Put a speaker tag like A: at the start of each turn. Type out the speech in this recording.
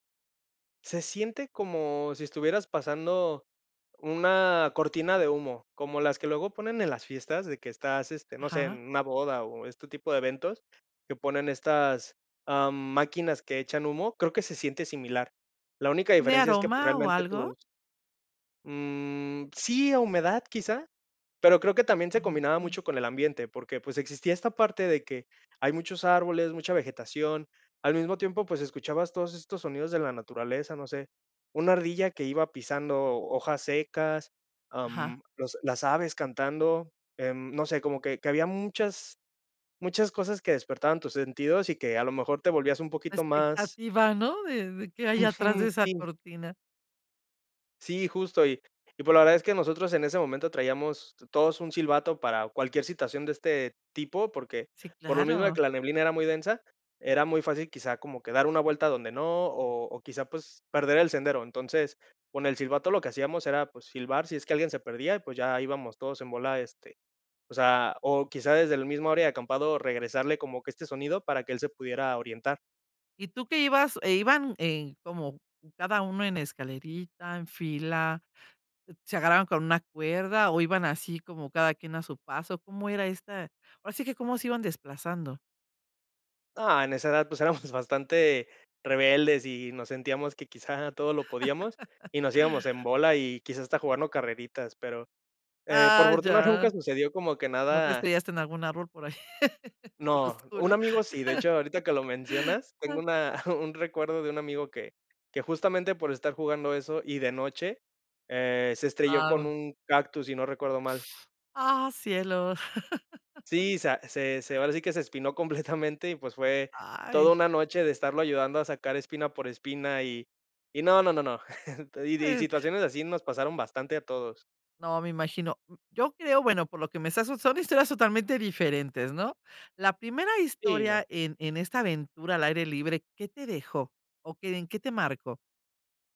A: Se siente como, si estuvieras pasando una cortina de humo, como las que luego ponen en las fiestas, de que estás, este, no sé,
B: Ajá.
A: en una boda, o este tipo de eventos, que ponen estas, ah, máquinas que echan humo. Creo que se siente similar. La única
B: ¿Tiene
A: diferencia es que, pues,
B: aroma o
A: realmente tus
B: algo?
A: Mm, sí, a humedad, quizá, pero creo que también se combinaba
B: [unintelligible]
A: mucho con el ambiente, porque, pues, existía esta parte de que, hay muchos árboles, mucha vegetación. Al mismo tiempo, pues, escuchabas todos estos sonidos de la naturaleza, no sé, una ardilla que iba pisando hojas secas,
B: Ajá.
A: am, los las aves cantando, em, no sé, como que que había muchas muchas cosas, que despertaban tus sentidos, y que a lo mejor te volvías un
B: La
A: poquito más
B: expectativa, ¿no? De de: "¿Qué hay atrás
A: Ujú.
B: de esa
A: Sí.
B: cortina?
A: Sí, justo. Y y pues la verdad es que nosotros en ese momento traíamos todos un silbato, para cualquier situación de este tipo, porque,
B: Sí,
A: por lo mismo de que
B: claro.
A: la neblina era muy densa, era muy fácil, quizá, como que dar una vuelta donde no, o o, quizá, pues, perder el sendero. Entonces, con el silbato lo que hacíamos era, pues, silbar si es que alguien se perdía, y, pues, ya íbamos todos en bola, este, o sea, o quizá desde la misma área de acampado regresarle como que este sonido para que él se pudiera orientar.
B: ¿Y tú que ibas e iban, en como, cada uno en escalerita, en fila, se agarraban con una cuerda, o iban así, como cada quien a su paso? ¿Cómo era esta? Ahora sí que, ¿cómo se iban desplazando?
A: No, en esa edad, pues, éramos bastante rebeldes, y nos sentíamos que quizá todo lo podíamos, y nos íbamos en bola, y quizás, hasta jugando carreritas, pero, eh, por
B: Ah,
A: fortuna
B: ya,
A: nunca sucedió como que
B: ¿no te
A: nada
B: estrellaste en algún árbol por ahí, por lo
A: No, un
B: oscuro.
A: amigo sí, de hecho, ahorita que lo mencionas, tengo una un recuerdo de un amigo, que que, justamente, por estar jugando eso, y de noche, eh, se estrelló con
B: Guau.
A: un cactus, si no recuerdo mal.
B: Ah, cielo.
A: Sí, sa se se, ahora sí que se espinó completamente, y pues, fue toda
B: Ay.
A: una noche de estarlo ayudando a sacar espina por espina, y y no, no, no, no. Y de
B: [unintelligible]
A: situaciones así nos pasaron bastante a todos.
B: No, me imagino, mm, yo creo, bueno, por lo que me estás son historias totalmente diferentes, ¿no? La primera
A: Sí. No.
B: historia en en esta aventura al aire libre, ¿qué te dejó? o, ¿qué en qué te marcó?